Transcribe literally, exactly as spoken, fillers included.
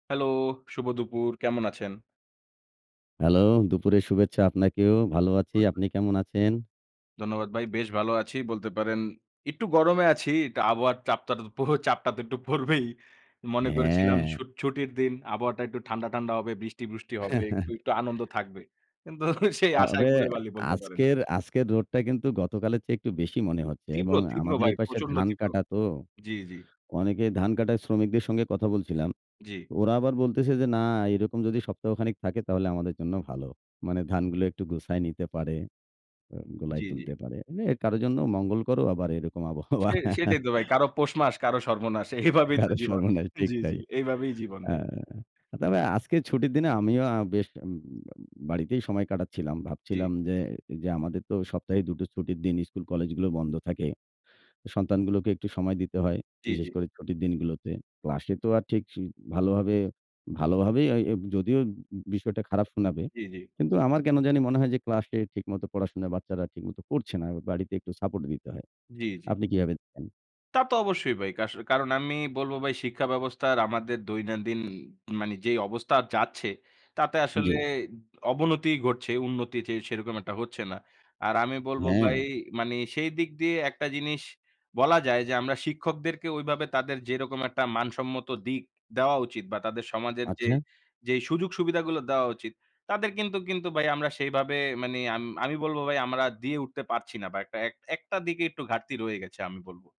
Hello, শুভ দুপুর। কেমন আছেন? হ্যালো, দুপুরে শুভেচ্ছা আপনাকেও। ভালো আছি। আপনি [unintelligible] কেমন আছেন? ধন্যবাদ ভাই। বেশ ভালো আছি। বলতে পারেন। একটু গরমে আছি। কা আবহাওয়ার চাপটা প চাপটা তো একটু পড়বেই। মনে করেছিলাম হ্যাঁ। ছুটির দিন আবহাওয়াটা একটু ঠান্ডা, ঠান্ডা হবে, বৃষ্টি, বৃষ্টি হবে, একটু, একটু আনন্দ থাকবে। কিন্তু সেই আশায় তবে ঘুরে বালি বলতে পারেন। আজকের আজকের রোদটা কিন্তু গতকালের চেয়ে একটু বেশি মনে হচ্ছে তীব্র, এবং তীব্র আমাদের ভাই এপাশে প্রচণ্ড ধান তীব্র। কাটা তো। জি, জি। অনেকে ধান কাটায় শ্রমিকদের সঙ্গে কথা বলছিলাম। জি। ওরা আবার বলতেছে যে, না এরকম যদি সপ্তাহখানেক থাকে তাহলে আমাদের জন্য ভালো। মানে ধানগুলো একটু গুছায় নিতে পারে, অ গোলায় জি, জি। তুলতে পারে। এ কারো জন্য মঙ্গলকরও আবার এরকম আবহাওয়া। সে সেটাই তো ভাই। কারো পৌষ মাস, কারো সর্বনাশ। এইভাবেই তো কারো জীবন। সর্বনাশ ঠিক জি, জি, তাই। এইভাবেই জীবন আ ভাই। তবে আজকে ছুটির দিনে আমিও আ বেশ বাড়িতেই সময় কাটাচ্ছিলাম। জি। ভাবছিলাম যে যে, আমাদের তো সপ্তাহে দু টো ছুটির দিন স্কুল-কলেজগুলো বন্ধ থাকে। সন্তানগুলোকে একটু সময় দিতে হয়। জি, বিশেষ জি। করে ছুটির দিনগুলোতে। ক্লাসে তো আর ঠিক স ভালোভাবে, ভালোভাবেই এ যদিও বিষয়টা খারাপ শোনাবে। জি, জি। কিন্তু আমার কেনো জানি মনে হয় যে, ক্লাসে ঠিকমতো পড়াশোনায় বাচ্চারা ঠিকমতো পড়ছে না। বাড়িতে একটু সাপোর্ট দিতে হয়। জি, জি। আপনি কিভাবে দেখেন? তা তো অবশ্যই ভাই। কাস কারণ আমি বলবো ভাই শিক্ষা ব্যবস্থার আমাদের দৈনন্দিন মানে যে, অবস্থা যাচ্ছে তাতে আসলে জি। অবনতিই ঘটছে। উন্নতি সেরকম একটা হচ্ছে না। আর আমি বলবো ভাই হ্যাঁ। মানি সেই দিক দিয়ে একটা জিনিস বলা যায় যে, আমরা শিক্ষকদেরকে ঐভাবে তাদের যেরকম একটা মানসম্মত দিক দেওয়া উচিত বা তাদের সমাজের যে, আচ্ছা। যে, সুযোগ-সুবিধাগুলো দেওয়া উচিত তাদের কিন্তু কিন্তু ভাই আমরা সেভাবে মানে আমি বলবো ভাই আমরা দিয়ে উঠতে পারছি না। বা একটা একটা দিকে একটু ঘাটতি রয়ে গেছে আমি বলবো।